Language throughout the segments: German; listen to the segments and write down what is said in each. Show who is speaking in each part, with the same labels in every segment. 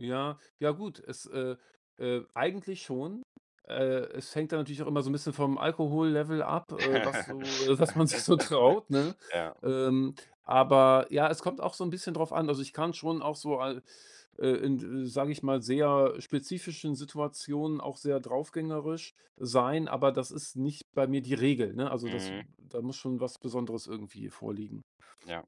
Speaker 1: Ja, ja gut, es äh, äh, eigentlich schon. Äh, es hängt da natürlich auch immer so 'n bisschen vom Alkohollevel ab, äh, was so äh, was man sich so traut, ne?
Speaker 2: Ja.
Speaker 1: Ähm, aber ja, es kommt auch so 'n bisschen drauf an. Also, ich kann schon auch so al äh, in d sage ich mal, sehr spezifischen Situationen auch sehr draufgängerisch sein, aber das ist nicht bei mir die Regel, ne? Also, das
Speaker 2: Mhm.
Speaker 1: da muss schon was Besonderes irgendwie vorliegen.
Speaker 2: Ja.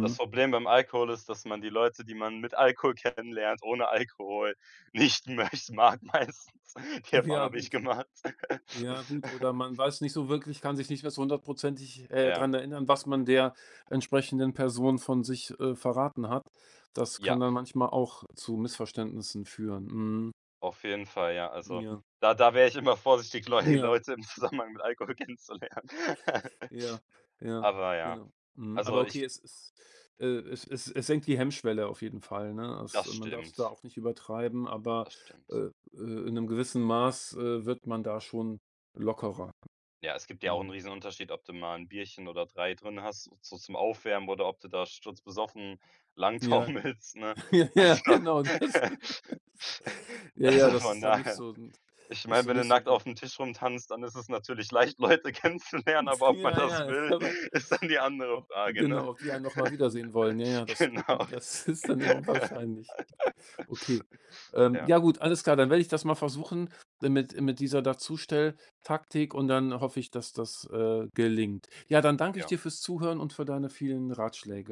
Speaker 2: Das Problem beim Alkohol ist, dass man die Leute, die man mit Alkohol kennenlernt, ohne Alkohol, nicht möcht mag meistens. Die Erfahrung
Speaker 1: Ja
Speaker 2: habe ich
Speaker 1: gut
Speaker 2: gemacht.
Speaker 1: Ja gut, oder man weiß nicht so wirklich kann sich nicht mehr so 100 %ig äh,
Speaker 2: Ja.
Speaker 1: dran erinnern, was man der entsprechenden Person von sich, äh, verraten hat. Das kann
Speaker 2: Ja.
Speaker 1: dann manchmal auch zu Missverständnissen führen, mhm.
Speaker 2: Auf jeden Fall, ja, also,
Speaker 1: Ja.
Speaker 2: da da wäre ich immer vorsichtig, Leu
Speaker 1: Ja,
Speaker 2: Leute im Zusammenhang mit Alkohol kennenzulernen.
Speaker 1: Ja, ja,
Speaker 2: Aber ja.
Speaker 1: genau. Mhm, aber
Speaker 2: Also,
Speaker 1: okay,
Speaker 2: ich
Speaker 1: es es äh, es es es senkt die Hemmschwelle auf jeden Fall, ne? As
Speaker 2: Das
Speaker 1: man darf's da
Speaker 2: stimmt.
Speaker 1: auch nicht übertreiben, aber,
Speaker 2: Das stimmt.
Speaker 1: äh äh, in 'nem gewissen Maß, äh, wird man da schon lockerer.
Speaker 2: Ja, es gibt dir auch 'n
Speaker 1: Mhm.
Speaker 2: riesen Unterschied, ob du mal 'n Bierchen oder 3 drinnen hast so so zum Aufwärmen oder ob du da sturzbesoffen lang
Speaker 1: Ja.
Speaker 2: taumelst, ne?
Speaker 1: Ja ja,
Speaker 2: Also,
Speaker 1: genau, das. Ja, ja,
Speaker 2: also,
Speaker 1: das
Speaker 2: von
Speaker 1: ist dann nicht
Speaker 2: daher.
Speaker 1: so nt
Speaker 2: Ich
Speaker 1: ist
Speaker 2: meine,
Speaker 1: so
Speaker 2: wenn du
Speaker 1: nicht so
Speaker 2: nackt
Speaker 1: gut.
Speaker 2: aufm Tisch rumtanzt, dann ist es natürlich leicht, Leute kennenzulernen,
Speaker 1: Nt
Speaker 2: aber ob man
Speaker 1: Ja,
Speaker 2: das
Speaker 1: ja,
Speaker 2: will,
Speaker 1: oder
Speaker 2: ist dann die
Speaker 1: o
Speaker 2: andere
Speaker 1: ob
Speaker 2: Frage, ne?
Speaker 1: genau, ob die einen noch mal wiedersehen wollen. Ja, ja, das, äh,
Speaker 2: Genau,
Speaker 1: m das
Speaker 2: richtig,
Speaker 1: ist dann eher unwahrscheinlich. Okay, ähm,
Speaker 2: ja.
Speaker 1: ja gut, alles klar. Dann werde ich das mal versuchen dann mit mit dieser Dazustell-Taktik und dann hoffe ich, dass das, äh, gelingt. Ja, dann danke ich
Speaker 2: Ja.
Speaker 1: dir fürs Zuhören und für deine vielen Ratschläge.